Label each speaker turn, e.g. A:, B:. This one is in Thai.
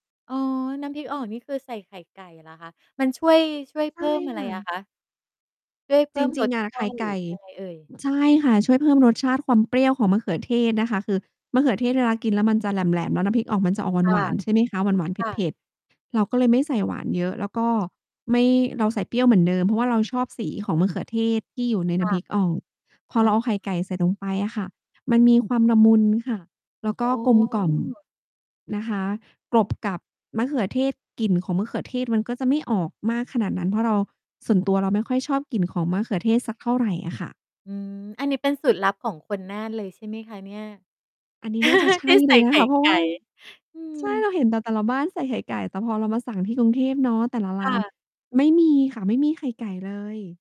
A: อ๋อ น้ำพริกออกนี่ คือใส่ไข่ไก่เหรอคะ? มันช่วย ช่วย
B: ใช
A: เพ
B: ่
A: ิ่มอะไ
B: ค
A: ร
B: ่
A: อะ
B: ะ
A: คะ? ช่วยเพ
B: จ
A: ิ่ม
B: ร
A: ร
B: ิง
A: ส
B: ๆ อะ
A: ช
B: ไข
A: า
B: ่
A: ติ
B: ไ
A: หร
B: ก
A: ือ
B: ่
A: ยัง ไงเอ่ย?
B: ใช่ค่ะ ช่วยเพิ่มรสชาติความเปรี้ยวของมะเขือเทศนะคะ คือ มะเขือเทศเวลากินแล้วมันจะแหลม ๆ แล้วน้ำพริกอ่องมันจะออก
A: ค
B: ห
A: ่
B: ว
A: ะ
B: าน ๆ ใช่ไหมคะ หวาน ๆ
A: ค่
B: เผ
A: ะ
B: ็ด ๆ เราก็เลยไม่ใส่หวานเยอะ แล้วก็ ไม่ เราใส่เปรี้ยวเหมือนเดิม เพราะว่าเราชอบสีของมะเขือเทศที่อยู่ใน
A: ค
B: น้
A: ่
B: ำ
A: ะ
B: พริกอ่อง พอ
A: อ
B: เ
A: ะ
B: ราเ
A: ฮ
B: อา
A: ะ
B: ไข่ไก่ใส่ลงไปอะค่ะ มันมีความละมุนค่ะ แล้วก
A: โอ
B: ็กลมกล่อม
A: ้
B: นะคะ กลบ กับ มะเขือเทศ กลิ่นของมะเขือเทศ มันก็จะไม่ออกมากขนาดนั้น เพราะเรา ส่วนตัวเราไม่ค่อยชอบกลิ่นของมะเขือเทศสักเท่าไรอะค่ะ
A: อืม อันนี้เป็นสูตรลับของคนน่านเลย ใช่ไหมคะเนี่ย?
B: อันนี้น่าจะใช
A: ที
B: ่
A: ่ใ
B: เ
A: ส
B: ล
A: ่
B: ย
A: ไ
B: น
A: ข
B: ะ
A: ่
B: คะ เพรา
A: ไ
B: ะ
A: ก
B: ว
A: ่
B: ่า
A: อืม
B: ใช่ เราเห็นแต่ แต่ละบ้านใส่ไข่ไก่ แต่พอเรามาสั่งที่กรุงเทพเนาะ แต่ละร
A: ค่
B: ้าน
A: ะ
B: ไม่มีค่ะ ไม่มีไข่ไก่เลย